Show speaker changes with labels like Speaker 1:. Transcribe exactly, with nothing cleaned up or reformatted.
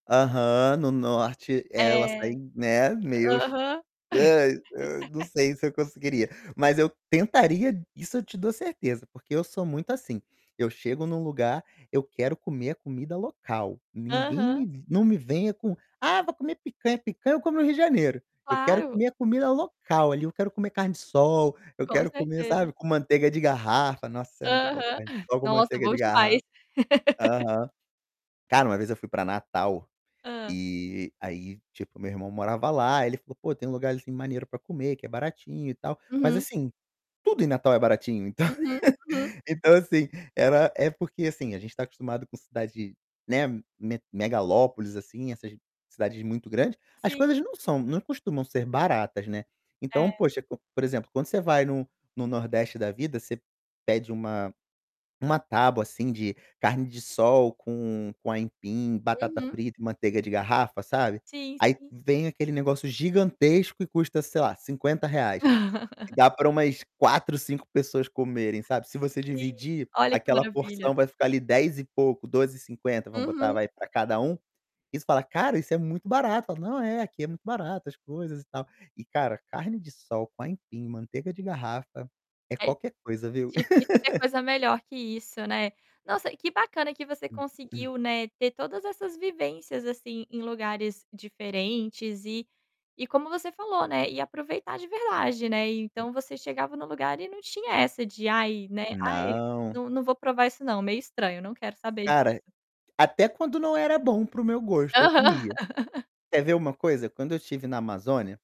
Speaker 1: Aham. No norte ela sai,
Speaker 2: É.
Speaker 1: né, meus
Speaker 2: Aham.
Speaker 1: nã nã não sei se eu conseguiria, mas eu tentaria, isso eu te dou certeza porque eu sou muito assim, eu chego em um lugar, eu quero comer a comida local, ninguém
Speaker 2: Aham.
Speaker 1: me não me venha com: "Ah, vou comer picanha", picanha eu como no Rio de Janeiro, eu quero
Speaker 2: Claro.
Speaker 1: comer a comida local ali, eu quero comer carne-de-sol, eu
Speaker 2: Com
Speaker 1: quero comer,
Speaker 2: certeza.
Speaker 1: sabe, com manteiga de garrafa, nossa,
Speaker 2: Aham.
Speaker 1: é muito bom carne-de-sol com
Speaker 2: Nossa,
Speaker 1: manteiga
Speaker 2: bom
Speaker 1: de
Speaker 2: demais.
Speaker 1: garrafa. Aham. Cara, uma vez eu fui para Natal,
Speaker 2: Hã.
Speaker 1: e aí, tipo, o meu irmão morava lá, ele falou: "Pô, tem um lugarzinho maneiro para comer, que é baratinho, e tal". Mas,
Speaker 2: Uhum.
Speaker 1: assim, tudo em Natal é baratinho, então
Speaker 2: Uhum, uhum.
Speaker 1: então, assim, era é porque, assim, a gente está acostumado com cidade, né, me megalópoles, assim, essas cidades muito grandes, as
Speaker 2: Sim,
Speaker 1: coisas não
Speaker 2: sim.
Speaker 1: são não costumam ser baratas, né. Então,
Speaker 2: É.
Speaker 1: poxa, co por exemplo, quando você vai no no Nordeste da vida, você pede uma uma tábua, assim, de carne-de-sol com com aipim, batata
Speaker 2: Uhum.
Speaker 1: frita e manteiga de garrafa, sabe,
Speaker 2: Sim,
Speaker 1: aí
Speaker 2: sim.
Speaker 1: vem aquele negócio gigantesco e custa, sei lá, cinquenta reais, dá para umas quatro, cinco pessoas comerem, sabe. Se você
Speaker 2: Sim.
Speaker 1: dividir,
Speaker 2: Olha, que
Speaker 1: aquela
Speaker 2: maravilha.
Speaker 1: porção vai ficar, ali, dez e pouco, doze e cinquenta, vamos botar,
Speaker 2: Uhum.
Speaker 1: vai, para cada um. Aí você fala: "Cara, isso é muito barato", falam: "Não, é, aqui é muito barata as coisas e tal". E, cara, carne-de-sol, com aipim, manteiga de garrafa é
Speaker 2: É d
Speaker 1: qualquer coisa, viu?
Speaker 2: difícil ter coisa melhor que isso, né. Nossa, que bacana que você conseguiu, né, ter todas essas vivências, assim, em lugares diferentes e e como você falou, né, e aproveitar de verdade, né, então você chegava no lugar e não tinha essa de: "Ai né, ai,
Speaker 1: Não.
Speaker 2: não não vou provar isso não, meio estranho, não quero saber
Speaker 1: Cara,
Speaker 2: disso".
Speaker 1: até quando não era bom para o meu gosto, eu
Speaker 2: Aham.
Speaker 1: comia. Quer ver uma coisa, quando eu estive na Amazônia